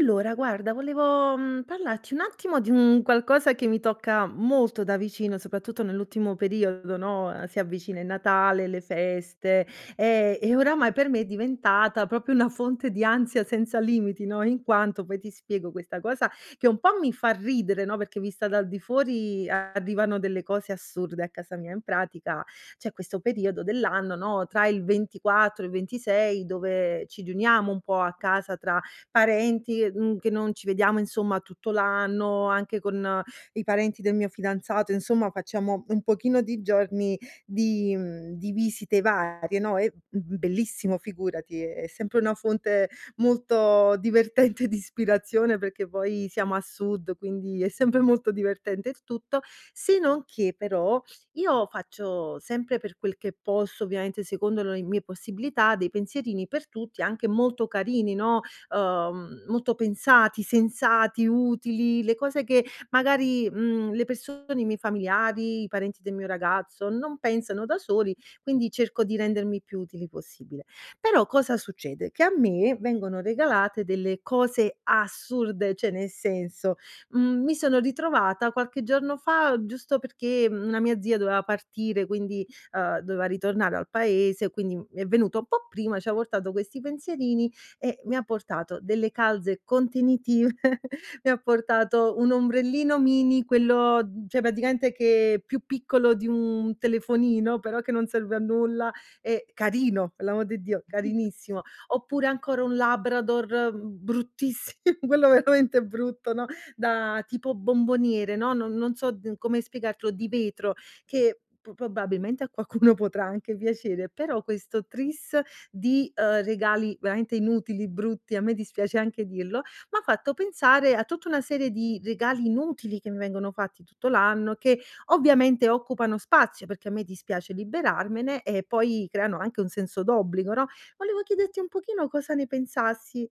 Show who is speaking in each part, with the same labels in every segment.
Speaker 1: Allora, guarda, volevo, mhmm, parlarti un attimo di un qualcosa che mi tocca molto da vicino, soprattutto nell'ultimo periodo, no, uhm, si avvicina il Natale, le feste, ehm, e oramai per me è diventata proprio una fonte di ansia senza limiti, no, in quanto, poi, ti spiego, questa cosa, che un po' mi fa ridere, no, perché vista dal di fuori arrivano delle cose assurde a casa mia. In pratica, c'è questo periodo dell'anno, no, tra il 24 e il 26, dove ci riuniamo un po' a casa tra parenti, mhmm, che non ci vediamo, insomma, tutto l'anno, anche con i parenti del mio fidanzato, insomma, facciamo un pochino di giorni di mhmm, di visite varie, no, è, mhmm,bellissimo, figurati, è sempre una fonte molto divertente di ispirazione perché, poi, siamo a sud, quindi è sempre molto divertente il tutto. Se non che, però, io faccio sempre per quel che posso, ovviamente, secondo lo mie possibilità, dei pensierini per tutti, anche molto carini, no, uhm, molto pensati, sensati, utili, le cose che, magari, mhmm, le persone, i miei familiari, i parenti del mio ragazzo non pensano da soli, quindi, cerco di rendermi più utili possibile. Però, cosa succede che a me vengono regalate delle cose assurde, cioè, ne senso: mhmm, mi sono ritrovata, qualche giorno fa, giusto, perché, mhmm, una mia zia doveva partire, quindi, uhm, doveva ritornare al paese, quindi, mhmm, è venuto un po' prima, ci ha portato questi pensierini, e mi ha portato delle calze contenitive, mi ha portato un ombrellino mini, quello mhmm, cioè, praticamente che più piccolo di un telefonino, però che non serve a nulla, e carino, pe l'amor di Dio, carinissimo. Oppure, ancora un labrador, mhmm, bruttissi quello veramente brutto, no, da tipo bomboniere, no, non non so n come spiegartelo, di vetro, che p probabilmente a qualcuno potrà anche piacere, però questo tris, di, uhm, regali veramente inutili, brutti. A me dispiace anche dirlo, m'ha fatto pensare a tutta una serie di regali inutili che mi vengono fatti tutto l'anno, che, ovviamente, occupano spazio, perché a me dispiace liberarmene, e poi, creano anche un senso d'obbligo, no, volevo chiederti un pochino cosa ne pensassi.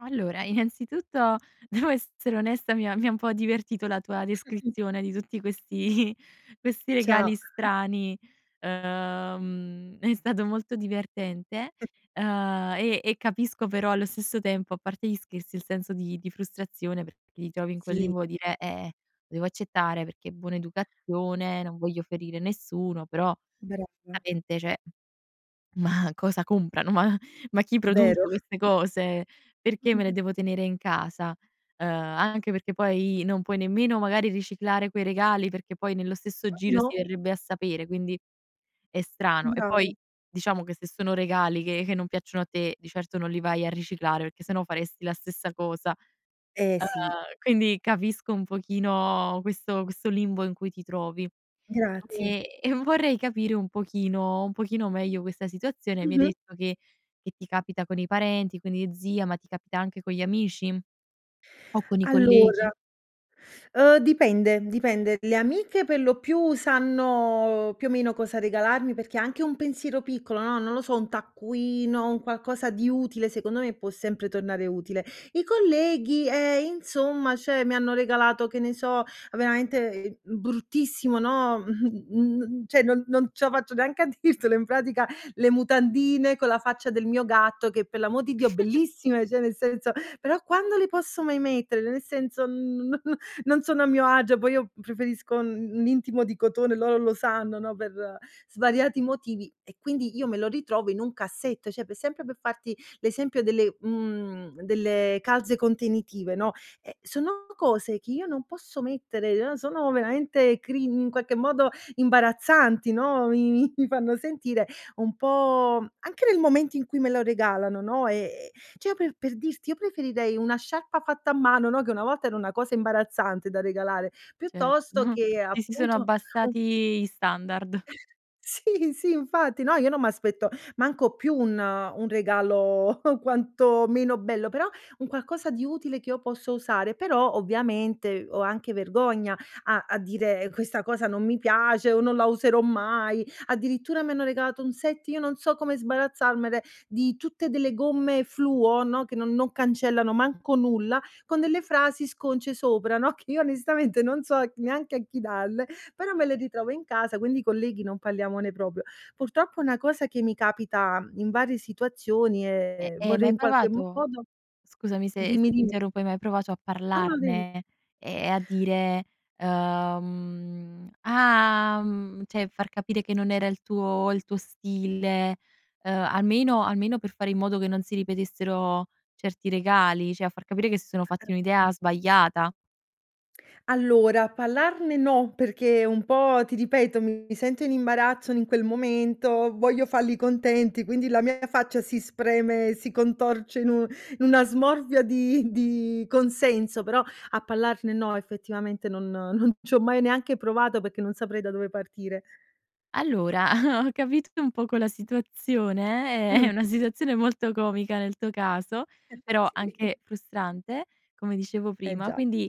Speaker 2: Allora, innanzitutto devo essere onesta. Mi ha mi ha un po' divertito la tua descrizione di tutti questi questi
Speaker 1: Cia
Speaker 2: regali strani, uhm, è stato molto divertente, ehm, e e capisco però allo stesso tempo, a parte gli scherzi, il senso di di frustrazione perché ti trovi in quel
Speaker 1: Sì.
Speaker 2: limbo, dire: "Eh, devo accettare perché è buona educazione, non voglio ferire nessuno," però
Speaker 1: Brava.
Speaker 2: veramente, cioè, "ma cosa comprano? Ma ma chi
Speaker 1: Vero.
Speaker 2: produce queste cose? Perché me
Speaker 1: Mh-mh.
Speaker 2: le devo tenere in casa?" Uhm, anche perché poi non puoi nemmeno magari riciclare quei regali, perché poi nello stesso giro
Speaker 1: No.
Speaker 2: si verrebbe a sapere, quindi è strano. E poi
Speaker 1: Bravo.
Speaker 2: diciamo che se sono regali che che non piacciono a te, di certo non li vai a riciclare perché sennò faresti la stessa cosa.
Speaker 1: Eh,
Speaker 2: Uhm,
Speaker 1: sì.
Speaker 2: quindi capisco un pochino questo questo limbo in cui ti trovi,
Speaker 1: Grazie.
Speaker 2: e e vorrei capire un pochino un pochino meglio questa situazione. Mi hai
Speaker 1: Mh-mh.
Speaker 2: detto che che ti capita con i parenti, con gli zii, ma ti capita anche con gli amici o con i
Speaker 1: Allora,
Speaker 2: colleghi?
Speaker 1: ehm, dipende, dipende, le amiche per lo più sanno più o meno cosa regalarmi, perché è anche un pensiero piccolo, no, non lo so, un taccuino, un qualcosa di utile secondo me può sempre tornare utile. I colleghi, eh, insomma, cioè, mi hanno regalato, che ne so, veramente, ehm, bruttissimo, no, mh, mhmm, cioè, non non ce la faccio neanche a dirtelo. In pratica le mutandine con la faccia del mio gatto che, per l'amor di Dio, bellissime, cioè nel senso, però quando le posso mai mettere? Nel senso, non non sono a mio agio. Poi io preferisco un un intimo di cotone, loro lo sanno, no, per svariati motivi, e quindi io me lo ritrovo in un cassetto, cioè per sempre. Per farti l'esempio delle, mhmm, delle calze contenitive, no, eh, sono cose che io non posso mettere, sono veramente crin in qualche modo imbarazzanti, no, mi mi fanno sentire un po', anche nel momento in cui me lo regalano, no, è è cioè, per per dirti, io preferirei una sciarpa fatta a mano, no, che una volta era una cosa imbarazzante da regalare piuttosto
Speaker 2: Certo,
Speaker 1: che
Speaker 2: ti si sono
Speaker 1: appunto un
Speaker 2: abbassati gli standard.
Speaker 1: Sì, sì infatti no, io non m'aspetto manco più un un regalo quanto meno bello, però un qualcosa di utile che io posso usare. Però ovviamente ho anche vergogna a a dire: "Questa cosa non mi piace" o "Non la userò mai". Addirittura mi hanno regalato un set, io non so come sbarazzarmene, di tutte delle gomme fluo, no, che non non cancellano manco nulla, con delle frasi sconce sopra, no, che io onestamente non so c neanche a chi dalle, però me le ritrovo in casa. Quindi i colleghi non parliamone proprio. Purtroppo è una cosa che mi capita in varie situazioni e
Speaker 2: Eh,
Speaker 1: e
Speaker 2: e hai
Speaker 1: vorrei
Speaker 2: mai
Speaker 1: in qualche
Speaker 2: provato
Speaker 1: modo
Speaker 2: scusami se
Speaker 1: dimmi,
Speaker 2: se ti
Speaker 1: dimmi.
Speaker 2: interrompo. Hai mai provato a
Speaker 1: Ah no, devi
Speaker 2: parlarne e e a dire, umh: "Ah!" mhmm, cioè, far capire che non era il tuo il tuo stile, ehm, almeno almeno per fare in modo che non si ripetessero certi regali, cioè a far capire che si sono fatti un'idea
Speaker 1: [unintelligible]
Speaker 2: sbagliata.
Speaker 1: Allora parlarne no, perché un po' ti ripeto, mi sento in imbarazzo n in quel momento, voglio falli contenti, quindi la mia faccia si spreme e si contorce in un n una smorfia di di consenso, però a parlarne no, effettivamente non non c'ho mai neanche provato, perché non saprei da dove partire.
Speaker 2: Allora, ho capito un poco la situazione, è
Speaker 1: Mh.
Speaker 2: è una situazione molto comica, nel tuo caso, però
Speaker 1: Sì.
Speaker 2: anche frustrante, come dicevo
Speaker 1: Eh
Speaker 2: prima,
Speaker 1: già.
Speaker 2: quindi,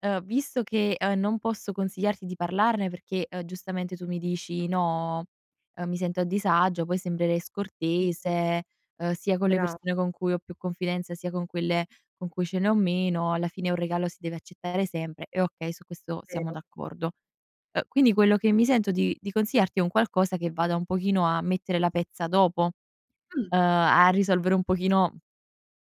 Speaker 2: uhm, visto che, uhm, non posso consigliarti di parlarne perché, uhm, giustamente, tu mi dici no, uhm, mi sento a disagio, poi sembrerei
Speaker 1: [unintelligible]
Speaker 2: scortese, uhm, sia con le
Speaker 1: Brava.
Speaker 2: persone con cui ho più confidenza, sia con quelle con cui ce ne ho meno, alla fine un regalo si deve accettare sempre, e okay, su questo siamo
Speaker 1: Vero.
Speaker 2: d'accordo. Uhm, quindi quello che mi sento di di consigliarti, è un qualcosa che vada un pochino a mettere la pezza dopo, uhm,
Speaker 1: Mh.
Speaker 2: a risolvere un pochino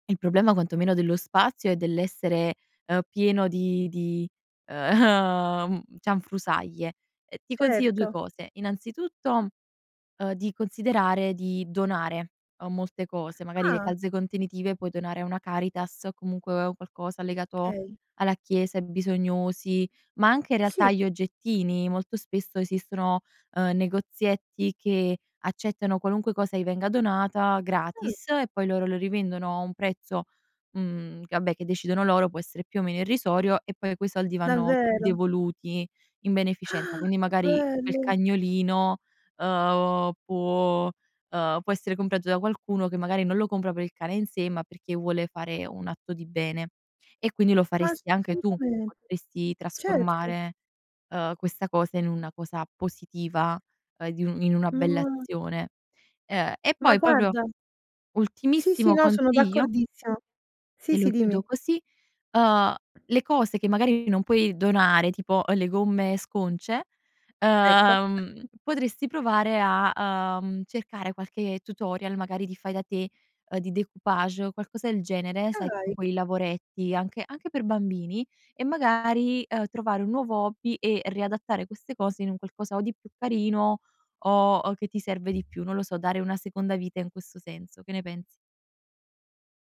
Speaker 2: il problema, quanto meno dello spazio, e dell'essere, uhm, pieno di di uhm, cianfrusaglie. Ehm, ti consiglio due
Speaker 1: Certo.
Speaker 2: cose, innanzitutto, uhm, di considerare di donare, uhm, molte cose, magari le
Speaker 1: Ah.
Speaker 2: calze contenitive, puoi donare a una Caritas, comunque un qualcosa legato
Speaker 1: Okay.
Speaker 2: alla chiesa, ai bisognosi, ma anche in realtà
Speaker 1: Sì.
Speaker 2: gli oggettini, molto spesso esistono, uhm, negozietti che accettano qualunque cosa gli venga donata
Speaker 1: Mh.
Speaker 2: gratis, e poi loro lo rivendono, a un prezzo, mhmm, che vabbè, che decidono loro, può essere più o meno irrisorio, e poi quei soldi vanno
Speaker 1: Davvero.
Speaker 2: devoluti in
Speaker 1: Ah,
Speaker 2: beneficenza. Quindi
Speaker 1: che
Speaker 2: magari, quel
Speaker 1: bello.
Speaker 2: cagnolino, uhm, può uhm, può essere comprato da qualcuno, che magari non lo compra per il cane in sé, ma perché vuole fare un atto di bene, e quindi lo
Speaker 1: Ma [unintelligible]
Speaker 2: faresti anche tu.
Speaker 1: assolutame
Speaker 2: Potresti
Speaker 1: Certo.
Speaker 2: trasformare, uhm, questa cosa in una cosa positiva, uhm, di un in una bella
Speaker 1: [unintelligible]
Speaker 2: azione Ehm, e
Speaker 1: Ma
Speaker 2: poi proprio
Speaker 1: guarda Sì, sì.
Speaker 2: ultimissimo
Speaker 1: No, sono
Speaker 2: consiglio
Speaker 1: d'accordissimo. Sì,
Speaker 2: te lo
Speaker 1: sì, dimmi.
Speaker 2: chiudo così, uhm, le cose che magari non puoi donare, tipo le gomme sconce,
Speaker 1: Ecco.
Speaker 2: uhm, potresti provare a, uhm, cercare qualche tutorial, magari di fai da te, uhm, di découpage, uhm, qualcosa del genere, sai tipo
Speaker 1: Dai.
Speaker 2: quei lavoretti, anche anche per bambini, e magari, uhm, trovare un nuovo hobby e riadattare queste cose in un qualcosa o di più carino, o o che ti serve di più. Non lo so, dare una seconda vita in questo senso, che ne pensi?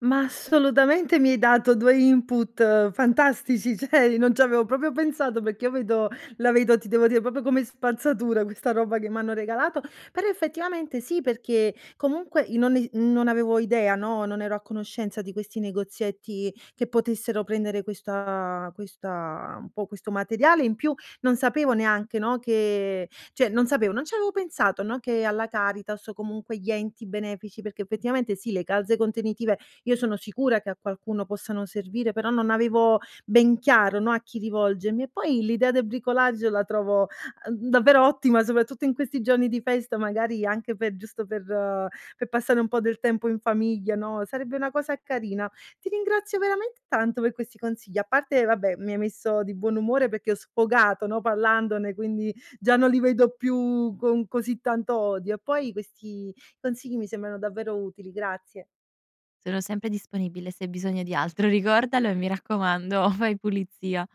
Speaker 1: Ma, assolutamente, mi hai dato 2 input fantastici, cioè, non ci avevo proprio pensato, perché io vedo la vedo, ti devo dire, proprio come spazzatura questa roba che m'hanno regalato. Però, effettivamente sì, perché comunque i noni non avevo idea, no, non ero a conoscenza di questi negozietti che potessero prendere questa questa un po' questo materiale, in più non sapevo neanche, no, che cioè, non sapevo, non ci avevo pensato, no, che alla Caritas, o comunque gli enti benefici perché, effettivamente sì, le calze contenitive, io sono sicura che a qualcuno possano servire, però, non avevo ben chiaro, no, a chi rivolgermi e poi l'idea del bricolage la trovo, uhm, davvero ottima, soprattutto in questi giorni di festa, magari, anche pe giusto per pe passare un po' del tempo in famiglia, no, sarebbe una cosa carina. Ti ringrazio veramente tanto per questi consigli, a parte, vabbè, mi hai messo di buon umore perché ho sfogato, no, parlandone. Quindi, già non li vedo più con così tanto odio e poi questi consigli mi sembrano davvero utili, grazie.
Speaker 2: Sono sempre disponibile se hai bisogno di altro. Ricordalo, e mi raccomando, fai pulizia.